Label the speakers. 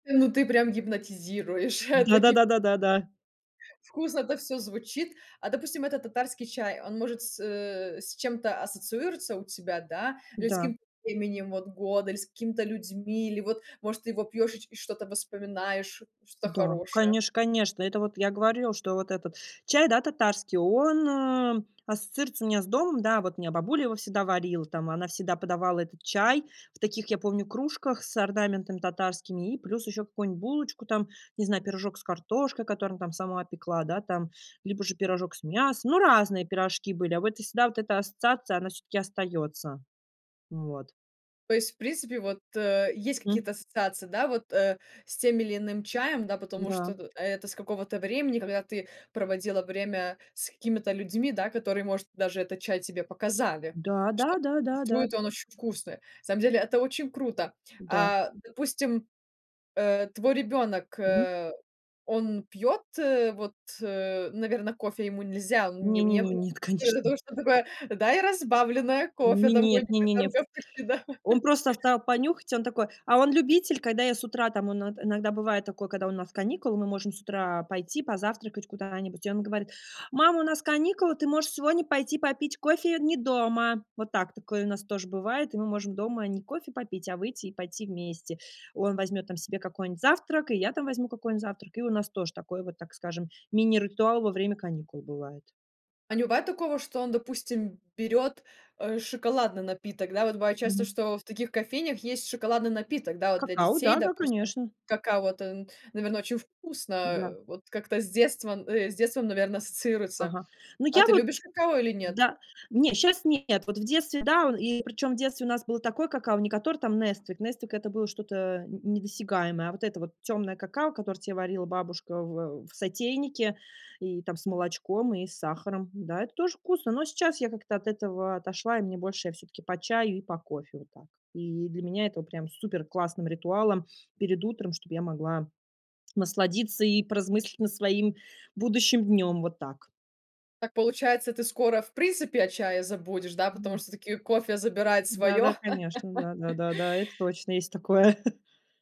Speaker 1: Ну, ты прям гипнотизируешь, э, таки.
Speaker 2: Да-да-да, да-да-да.
Speaker 1: Вкусно это всё звучит. А допустим, этот татарский чай, он, может, с э, с чем-то ассоциируется у тебя, да? Или с
Speaker 2: Да.
Speaker 1: каким-то временем, вот, года, или с какими-то людьми, или вот, может, ты его пьёшь и ч и что-то вспоминаешь, что-то
Speaker 2: Да,
Speaker 1: хорошее?
Speaker 2: конечно, конечно. Это вот я говорила, что вот этот чай, да, татарский, он, эм, ассоциируется у меня с домом. Да, вот меня бабуля его всегда варил. Там она всегда подавала этот чай в таких, я помню, кружках с орнаментами татарскими и плюс ещё какую-нибудь булочку там, не знаю, пирожок с картошкой, которым там сама пекла, да, там, либо же пирожок с мясом, но разные пирожки были. А вот и всегда вот эта ассоциация, она всё-таки остаётся. Вот.
Speaker 1: То есть, в принципе, вот, э, есть
Speaker 2: М.
Speaker 1: какие-то ассоциации, да, вот, э, с тем или иным чаем, да, потому
Speaker 2: Да.
Speaker 1: что ты это с какого-то времени, когда ты проводила время с какими-то людьми, да, которые, может, даже этот чай тебе показали,
Speaker 2: Да,
Speaker 1: что
Speaker 2: да-да-да, да.
Speaker 1: твой-то он очень вкусный. Самом деле это очень круто.
Speaker 2: Да.
Speaker 1: А допустим, э, твой ребёнок,
Speaker 2: Мгм.
Speaker 1: э, он пьёт, э, вот, э, наверно, кофе ему нельзя, у неу
Speaker 2: Не-не-не,
Speaker 1: неу
Speaker 2: нет,
Speaker 1: ты ему
Speaker 2: конечно.
Speaker 1: даешь, он такой: "Дай разбавленное кофе".
Speaker 2: Не,
Speaker 1: Там
Speaker 2: нет,
Speaker 1: годика
Speaker 2: не-не-не,
Speaker 1: там,
Speaker 2: втв
Speaker 1: как почти, да.
Speaker 2: он просто встал понюхать. Он такой а он любитель, когда я с утра там, он от иногда бывает такое, когда у нас каникулы, мы можем с утра пойти позавтракать куда-нибудь, и он говорит: "Мама, у нас каникулы. Ты можешь сегодня пойти попить кофе не дома". Вот так, такое у нас тоже бывает. И мы можем дома не кофе попить, а выйти и пойти вместе. Он возьмет там себе какой-нибудь завтрак, и я там возьму какой-нибудь завтрак. И у нас тоже такой вот, так скажем, мини-ритуал во время каникул бывает.
Speaker 1: А не бывает такого, что он, допустим, берёт, э, шоколадный напиток? Да, вот бывает часто,
Speaker 2: Мгм.
Speaker 1: что в таких кофейнях есть шоколадный напиток. Да, вот для
Speaker 2: Какао,
Speaker 1: детей,
Speaker 2: да-да,
Speaker 1: допустим,
Speaker 2: конечно.
Speaker 1: какао, вот, эн наверно, очень вкусно,
Speaker 2: Да.
Speaker 1: э, вот как-то с детством, э, с детством, наверно, ассоциируется?
Speaker 2: Ага, ну,
Speaker 1: А
Speaker 2: я
Speaker 1: ты
Speaker 2: вот
Speaker 1: любишь какао или нет?
Speaker 2: да не, щас нет, вот в детстве да, ол и причём в детстве у нас было такое какао, не которое там "Несквик". "Несквик"- это было что-то н недосягаемое, а вот это вот тёмное какао, которое те варила бабушка в ау в сотейнике и там с молочком и с сахаром. Да, это тоже вкусно, но сейчас я как-то от этого отошла, и мне больше всё-таки по чаю и по кофе. Вот так. И для меня это прям суперклассным ритуалом перед утром, чтобы я могла насладиться и поразмыслить на своим будущим днём. Вот так.
Speaker 1: Так получается, ты скоро, в принципе, о чае забудешь, да? Потому
Speaker 2: Ву.
Speaker 1: что таки кофе забирает
Speaker 2: Да, да,
Speaker 1: своё?
Speaker 2: конечно, да, да, да, да, это точно есть такое.